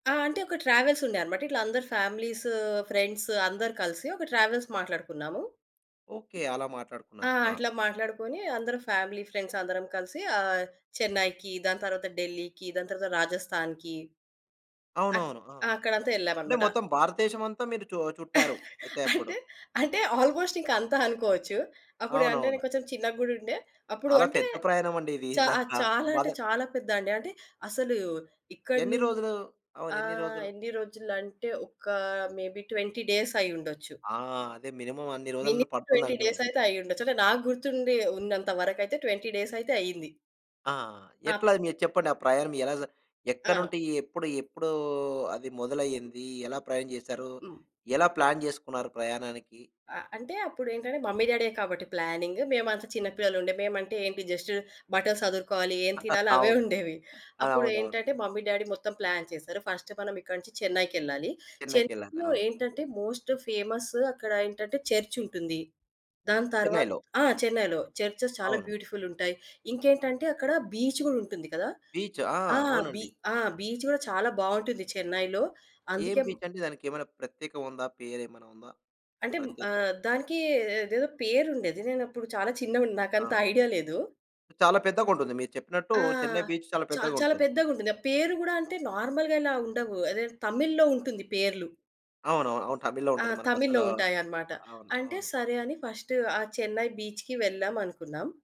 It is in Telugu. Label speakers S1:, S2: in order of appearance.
S1: ఆ! అంటే ఒక ట్రావెల్సుండే అన్నమాట ఇట్లా అందరు ఫ్యామిలీస్ ఫ్రెండ్స్ అందరు కలిసి, ఒక ట్రావెల్స్ మాట్లాడుకున్నాము.
S2: ఓకే. అలా
S1: ఆ!
S2: మాట్లాడుకున్నారు. ఆ!
S1: అట్లా మాట్లాడుకొని అందరం ఫ్యామిలీ ఫ్రెండ్స్ అందరం కలిసి ఆహ్, చెన్నైకి దాని తర్వాత ఢిల్లీకి దాని తర్వాత రాజస్థాన్‌కి అ
S2: అవునవును. ఆ!
S1: ఆ! అక్కడంతా
S2: అంటే
S1: యెళ్ళామన్నమాట.
S2: మొత్తం భారతదేశమంతా మీరు చొ చుట్టారు. అయితే అప్పుడు.
S1: అంటే, అంటే ఆల్‌మోస్ట్ ఇంక అంతా అనుకోవచ్చు. అప్పుడు అంటే నేను
S2: అవునవును.
S1: కొంచెం చిన్నగా గూడుండే అప్పుడు
S2: చాలా
S1: అంటే
S2: పెద్ద ప్రయాణమండి ఇది
S1: చా ఆహ్,
S2: నిజంగా.
S1: చాలా అంటే
S2: బాధక్
S1: చాలా పెద్ద అండి. అంటే అసలు ఇక్కడి
S2: ఎన్ని
S1: నుం
S2: రోజులు? అవును. ఎన్ని
S1: ఆహ్,
S2: రోజులు?
S1: ఎన్ని రోజులంటే ఒక మేబి 20 డేస్ అయ్యుండొచ్చు.
S2: ఆ! అదే! మినిమం అన్ని రోజులన్న
S1: మినిమమ్ 20
S2: పడుతుందండోయ్!
S1: డేసయితే అయ్యుండొచ్చు. అంటే నాకు గుర్తుండి ఉన్నంతవరకయితే 20 డేసయితే అయ్యింది.
S2: ఆ! ఎట్లా
S1: ఆప్
S2: అది మీరు చెప్పండి? ఆ ప్రయాణం ఎలా జ
S1: ఆ!
S2: ఎక్కడినుంటి ఎప్పుడు ఎప్పుడు అది మొదలయింది? ఎలా ప్రయాణం జేసారు?
S1: హ్మ్.
S2: ఎలా ప్లాన్ జేసుకున్నారు ప్రయాణానికి?
S1: ఆ! అంటే అప్పుడేంటంటే మమ్మీ డ్యాడీయే కాబట్టి ప్లానింగ్. మేమంతా చిన్నపిల్లలు ఉండే మేమంటే ఏంటి జస్ట్ బట్టలు సదురుకోవాలి ఏం తినాలి? అవే
S2: అవును.
S1: ఉండేవి. అప్పుడు
S2: అదవునవును.
S1: ఏంటంటే మమ్మీ డ్యాడీ మొత్తం ప్లాన్ చేశారు. ఫస్ట్ మనం ఇక్కడి నుంచి చెన్నైకెళ్ళాలి.
S2: చెన్నైకెళ్లారు.
S1: చెన్నైలో
S2: అవ్
S1: ఏంటంటే, మోస్ట్ ఫేమస్ అక్కడ ఏంటంటే చర్చ్ ఉంటుంది. దాని తర్వా
S2: చెన్నైలో.
S1: ఆ! చెన్నైలో చర్చెస్ చాలా
S2: అవును.
S1: బ్యూటిఫుల్ ఉంటాయి. ఇంకేంటంటే అక్కడ బీచ్ గూడా ఉంటుంది గదా!
S2: బీచ్ ఆ!
S1: ఆ! బీ
S2: అవునండి.
S1: ఆ! బీచ్ కూడా చాలా బావుంటుంది చెన్నైలో.
S2: ఏం
S1: అందుకే
S2: బీచ్ అండి? దానికి ఏమైనా ప్రత్యేకం ఉందా? పేరేమైనా ఉందా?
S1: అంటే
S2: ప్రత్యేకం.
S1: ఆహ్, దానికి అదేదో పేరుండేది నేను అప్పుడు చాలా చిన్నగున్న
S2: ఆ!
S1: నాకంత ఐడియా లేదు.
S2: చాలా పెద్దగుంటుంది. మీరు చెప్పినట్టు
S1: ఆ!
S2: చెన్నై బీచ్ చాలా
S1: చా చాలా
S2: పెద్దగుంటుంది.
S1: పెద్దగుంటుంది. ఆ పేరు గూడా అంటే నార్మల్‌గా ఇలా ఉండవు. అదేదో తమిళ్‌లో ఉంటుంది పేర్లు.
S2: అవునవును. అవును. టబిళ్‌లో
S1: ఆ!
S2: ఉంటది
S1: తమిళ్లో
S2: మనకసలు.
S1: ఉంటాయనమాట.
S2: అవును.
S1: అంటే
S2: అవును.
S1: సరే అని ఫస్ట్ ఆ చెన్నై బీచ్‌కి వెళ్ళామనుకున్నాం.